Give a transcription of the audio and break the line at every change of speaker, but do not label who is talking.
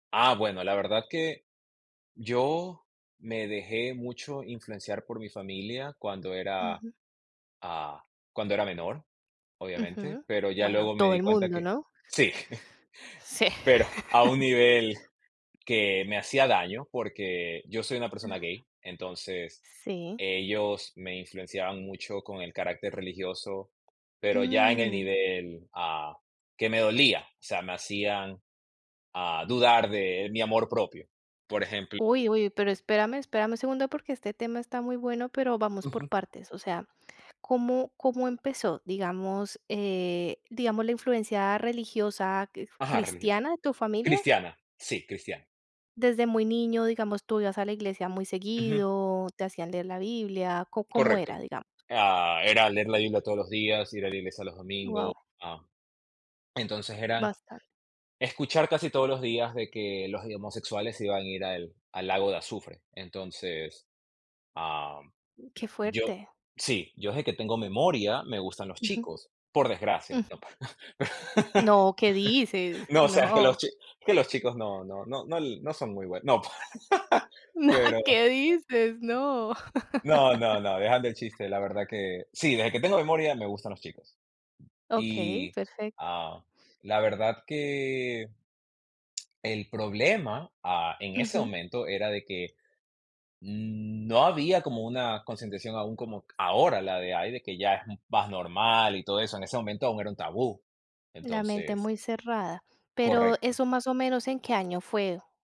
Ah, bueno, la verdad que yo, me dejé mucho influenciar por mi familia cuando era,
Ujú.
ah, cuando era menor, obviamente.
Ujú.
Pero ya
Bueno,
luego me
todo
di
el
cuenta
mundo,
que
¿no?
Sí.
Sí.
Pero, a un nivel que me hacía daño, porque yo soy una
Ajá.
persona gay, entonces
Sí.
ellos me influenciaban mucho con el carácter religioso, pero ya en el
Mm.
nivel, ah, que me dolía, o sea, me hacían, ah, dudar de mi amor propio. Por ejemplo
Uy, uy. Pero, espérame, espérame un segundo porque este tema está muy bueno, pero vamos por
Ujú.
partes, o sea, ¿cómo cómo empezó? Digamos, eh, digamos, ¿la influencia religiosa quif
Ajá, religioso.
cristiana de tu familia?
Cristiana, sí, cristiana.
Desde muy niño, digamos, ¿tú ibas a la iglesia muy
Ujú.
seguido, te hacían leer la Biblia? ¿Có cómo era?
Correcto,
Digamos.
eh ah, era leer la Biblia todos los días, ir a la iglesia los domingos,
Guau.
ah entonces, eran
Bastante.
escuchar casi todos los días de que: "Los, eh, homosexuales se iban a ir al al lago de azufre". Entonces, am,
Qué
yo
fuerte.
sí. Yo desde que tengo memoria, me gustan los
Ujú.
chicos, por desgracia,
Ujú.
¿no? pa
No, ¿qué dices?
No, o sea, que los
No.
chi que los chicos no no no l no son muy bue no, pa
No.
Pero
¿Qué dices? No.
No, no, no, dejando el chiste, la verdad que Sí, desde que tengo memoria me gustan los chicos.
Okey,
Y,
perfecto.
ah, la verdad que el problema, ah, en ese
Ujú.
momento, era de que, mm, no había como una concientización aún como ahora, la de: "Ay, de que ya vas normal" y todo eso. En ese momento aún era un tabú.
La mente
Entonces
muy cerrada. Pero
Correcto.
eso más o menos, ¿en qué año fue?